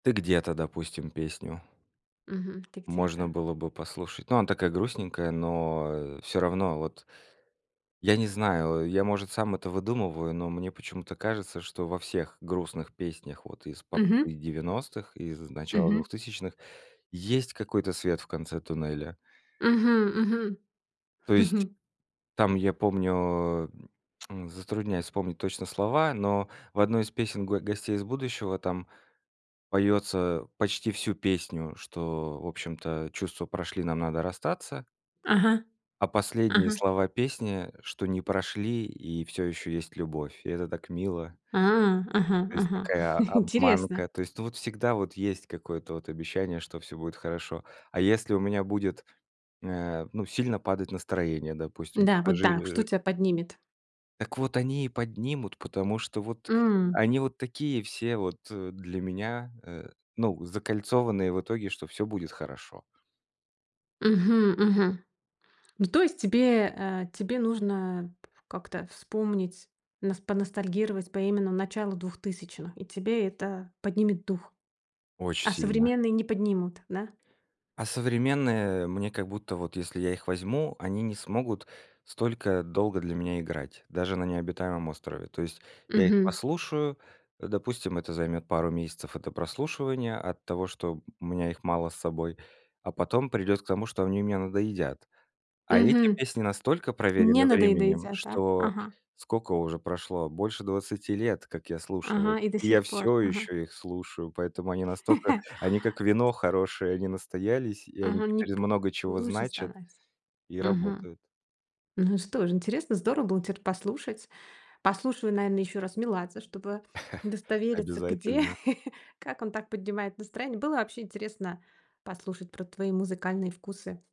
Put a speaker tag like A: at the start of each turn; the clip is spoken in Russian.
A: "Ты где-то", допустим, песню.
B: Мгм. "Ты
A: Можно
B: где-то".
A: было бы послушать. Ну, она такая грустненькая, но, а, всё равно вот. Я не знаю, а, я, может, сам это выдумываю, но мне почему-то кажется, что во всех грустных песнях вот из попсы
B: Мгм.
A: 90-х, и из начала
B: Мгм.
A: 2000-х, есть какой-то свет в конце туннеля.
B: Мгм, мгм.
A: То есть, там я помню, затрудняюсь вспомнить точно слова, но в одной из песен "Го Гостей из будущего" там поётся почти всю песню, что в общем-то чувства прошли, нам надо расстаться.
B: Ага,
A: А последние
B: ага.
A: слова песни, что не прошли и всё ещё есть любовь, и это так мило.
B: А, ага,
A: То есть
B: ага,
A: такая
B: интересно.
A: обманка. То есть ну вот всегда вот есть какое-то вот обещание, что всё будет хорошо. А если у меня будет, э, ну, сильно падать настроение, допустим
B: Да, вот
A: Жи э,
B: да, что
A: жи
B: тя поднимет?
A: Так вот они и поднимут, потому что вот
B: М.
A: они вот такие все вот, э, для меня, э, ну, закольцованные, в итоге, что всё будет хорошо.
B: Мгм, мгм. Ну, то есть тебе, э, тебе нужно как-то вспомнить, нас поностальгировать по именно началу 2000-х. И тебе это поднимет дух.
A: Очень
B: А
A: сильно.
B: современные не поднимут, да?
A: А современные, э, мне, как будто, вот если я их возьму, они не смогут столько долго для меня играть, даже на необитаемом острове. То есть я их
B: Мгм.
A: послушаю, допустим, это займёт пару месяцев это прослушивания, от того, что у меня их мало с собой, а потом придёт к тому, что они мне надоедят. А эти
B: Мгм.
A: песни настолько
B: Не
A: проверены временем,
B: надоедаедят, да,
A: что
B: ага.
A: сколько уже прошло? Больше 20 лет, как я слушал их.
B: Ага, и до
A: И я
B: сих пор.
A: всё
B: Ага.
A: ещё их слушаю, поэтому они настолько они как вино
B: Эти
A: хорошее, они настоялись, и они
B: Ага, не
A: теперь из
B: п
A: много чего
B: лучше
A: значат
B: становится.
A: и
B: Мгм.
A: работают.
B: Ну что же, интересно, здорово было теперь послушать. Послушаю, наверное, ещё раз Меладзе, чтобы удостовериться, где
A: Обязательно.
B: как он так поднимает настроение. Было вообще интересно послушать про твои музыкальные вкусы.